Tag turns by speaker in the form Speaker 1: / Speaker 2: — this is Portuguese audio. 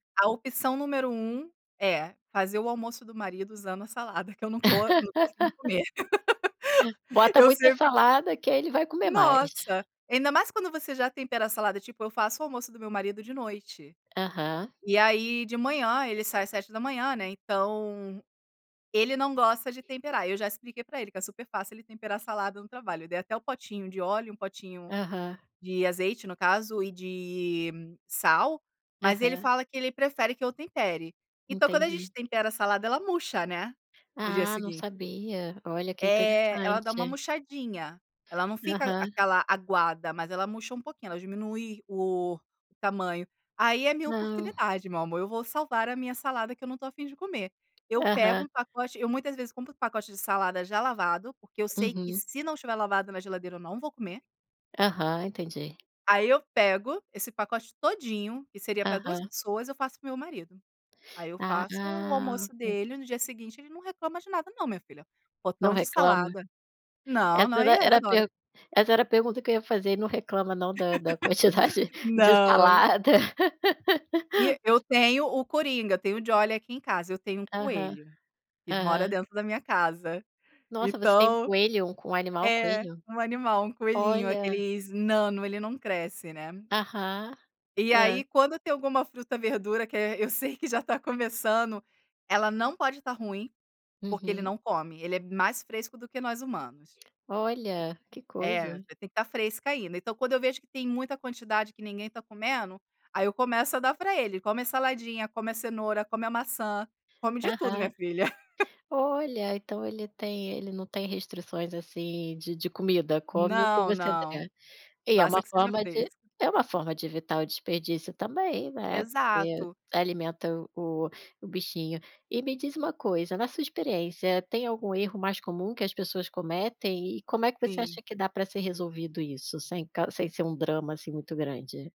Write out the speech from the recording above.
Speaker 1: A opção número 1 é fazer o almoço do marido usando a salada que eu não co não gosto de comer.
Speaker 2: Bota
Speaker 1: Eu
Speaker 2: muita
Speaker 1: sempre
Speaker 2: salada, que aí ele vai comer mais.
Speaker 1: Nossa, ainda mais quando você já tempera a salada, tipo, eu faço o almoço do meu marido de noite,
Speaker 2: Aham.
Speaker 1: e aí de manhã, ele sai às 7h, né, então ele não gosta de temperar, eu já expliquei para ele que é super fácil ele temperar a salada no trabalho, dei até o potinho de óleo, 1 potinho
Speaker 2: Aham.
Speaker 1: de azeite, no caso, e de sal, mas ele
Speaker 2: Aham.
Speaker 1: fala que ele prefere que eu tempere. Então quando a gente
Speaker 2: Entendi.
Speaker 1: tempera a salada, ela murcha, né, no dia
Speaker 2: Ah, não
Speaker 1: seguinte.
Speaker 2: sabia. Olha, que
Speaker 1: É, ela dá uma
Speaker 2: interessante.
Speaker 1: murchadinha, ela não fica
Speaker 2: Aham.
Speaker 1: aquela aguada, mas ela murcha um pouquinho, ela diminui o tamanho. Aí é minha
Speaker 2: Não.
Speaker 1: oportunidade, meu amor, eu vou salvar a minha salada que eu não estou a fim de comer. Eu pego
Speaker 2: Aham.
Speaker 1: um pacote eu muitas vezes compro um pacote de salada já lavado, porque eu sei que
Speaker 2: Uhum.
Speaker 1: se não tiver lavado na geladeira, eu não vou comer.
Speaker 2: Aham, entendi.
Speaker 1: Aí eu pego esse pacote todinho, que seria para 2
Speaker 2: Aham.
Speaker 1: pessoas, eu faço para o meu marido. Aí eu
Speaker 2: Ah,
Speaker 1: faço o
Speaker 2: ah,
Speaker 1: almoço
Speaker 2: ok.
Speaker 1: dele, no dia seguinte ele não reclama de nada não, minha filha,
Speaker 2: Não
Speaker 1: potão de
Speaker 2: reclama?
Speaker 1: salada. Não,
Speaker 2: Essa
Speaker 1: não, e
Speaker 2: era
Speaker 1: ele
Speaker 2: era a
Speaker 1: adora.
Speaker 2: per essa era a pergunta que eu ia fazer, e não reclama não, da da quantidade de
Speaker 1: Não.
Speaker 2: salada.
Speaker 1: E e eu tenho o coringa, eu tenho o Jolie aqui em casa, eu tenho um
Speaker 2: Aham.
Speaker 1: coelho, que ele mora
Speaker 2: Aham.
Speaker 1: dentro da minha casa.
Speaker 2: Nossa, você tem um
Speaker 1: Então
Speaker 2: coelho, um c o animal
Speaker 1: é,
Speaker 2: coelho?
Speaker 1: um animal, um coelhinho,
Speaker 2: Olha.
Speaker 1: aqueles nano, ele não cresce, né.
Speaker 2: Aham.
Speaker 1: E
Speaker 2: Hã.
Speaker 1: aí quando tem alguma fruta, verdura, que é eu sei que já está começando, ela não pode estar ruim, porque ele
Speaker 2: Uhum.
Speaker 1: não come, ele é mais fresco do que nós humanos.
Speaker 2: Olha, que
Speaker 1: É,
Speaker 2: coisa.
Speaker 1: tem que estar fresca ainda, então quando eu vejo que tem muita quantidade que ninguém está comendo, aí eu começo a dar para ele. Come a saladinha, come a cenoura, come a maçã, come de tudo
Speaker 2: Aham.
Speaker 1: minha filha.
Speaker 2: Olha, então ele tem ele não tem restrições, assim, de de comida, come o que
Speaker 1: Não,
Speaker 2: você
Speaker 1: não.
Speaker 2: der. E é
Speaker 1: Basta
Speaker 2: uma
Speaker 1: que seja
Speaker 2: forma
Speaker 1: fresco.
Speaker 2: de é uma forma de evitar o desperdício também, né, porque
Speaker 1: Exato.
Speaker 2: alimenta o o bichinho. E me diz uma coisa, na sua experiência, tem algum erro mais comum que as pessoas cometem? E como é que você acha
Speaker 1: Sim.
Speaker 2: que dá para ser resolvido isso, sem cau sem ser um drama, assim, muito grande?